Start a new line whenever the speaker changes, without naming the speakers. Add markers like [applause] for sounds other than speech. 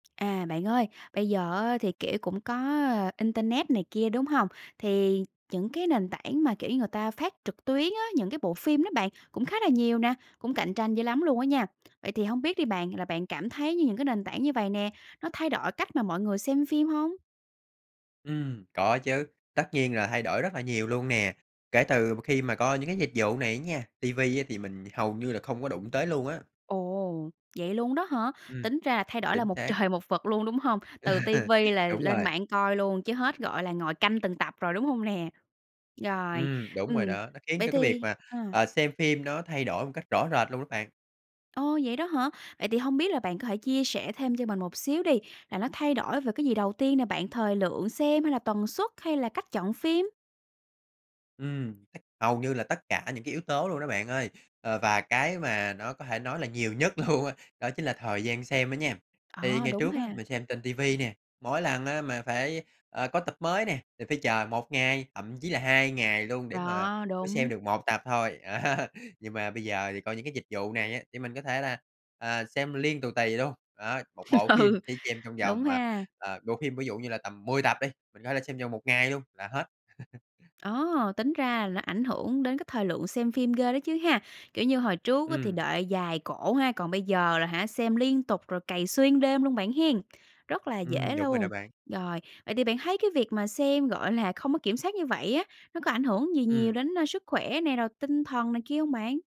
À, bạn ơi, bây giờ á thì, kiểu, cũng có, ờ, internet này kia, đúng hông? Thì những cái nền tảng mà, kiểu như, người ta phát trực tuyến á, những cái bộ phim đó bạn, cũng khá là nhiều nà, cũng cạnh tranh dữ lắm luôn á nha. Vậy thì hông biết đi bạn, là bạn cảm thấy như những cái nền tảng như vầy nè nó thay đổi cách mà mọi người xem phim hông?
Ừm, có chứ, tất nhiên là thay đổi rất là nhiều luôn nè, kể từ mà khi mà có những cái dịch vụ này á nha, ti vi á thì mình hầu như là không có đụng tới luôn á.
Ồ! Vậy luôn đó hả?
Ừm,
Tính ra là thay đổi là
chính
một
xác.
trời một vực luôn, đúng hông? Từ ti
[laughs]
vi là
Đúng
lên
rồi.
mạng coi luôn chứ hết, gọi là, ngồi canh từng tập rồi, đúng hông nè? Rồi,
Ừm, đúng rồi
ừm,
đó, nó khiến
vậy
cho cái việc
thì
mà,
ờ.
à, xem phim nó thay đổi một cách rõ rệt luôn á bạn.
Ô, vậy đó hả? Vậy thì hông biết là bạn có thể chia sẻ thêm cho mình một xíu đi, là nó thay đổi về cái gì đầu tiên nè bạn, thời lượng xem hay là tần suất hay là cách chọn phim?
Ừm, [unintelligible] hầu như là tất cả những cái yếu tố luôn đó bạn ơi, ờ, và cái mà nó có thể nói là nhiều nhất luôn á, đó chính là thời gian xem đó nha. Thì
Ờ,
ngày
đúng
trước á
ha.
mình xem trên ti vi nè, mỗi lần á mà phải, ờ, có tập mới nè, thì phải chờ 1 ngày, thậm chí là 2 ngày luôn để mà
Đó,
mới xem
đúng.
được 1 tập thôi, á. Nhưng mà bây giờ thì coi những cái dịch vụ này á, thì mình có thể là, à, xem liên tù tì luôn, đó, 1
[laughs]
bộ phim
Ừ,
chỉ xem trong
đúng
vòng, à,
ha.
à bộ phim ví dụ như là tầm 10 tập đi, mình có thể xem vòng 1 ngày luôn là hết. [chuckles]
Ồ! Tính ra là nó ảnh hưởng đến cái thời lượng xem phim ghê đó chứ ha. Kiểu như, hồi trước á thì
Ừm.
đợi dài cổ ha, còn bây giờ là hả xem liên tục rồi cày xuyên đêm luôn bạn hén, rất là
Ừm,
dễ
đúng rồi đó
luôn.
bạn.
Rồi, vậy thì bạn thấy cái việc mà xem, gọi là, không có kiểm soát như vậy á nó có ảnh hưởng gì nhiều
Ừm.
đến, ơ, sức khỏe nè, rồi tinh thần này kia hông bạn?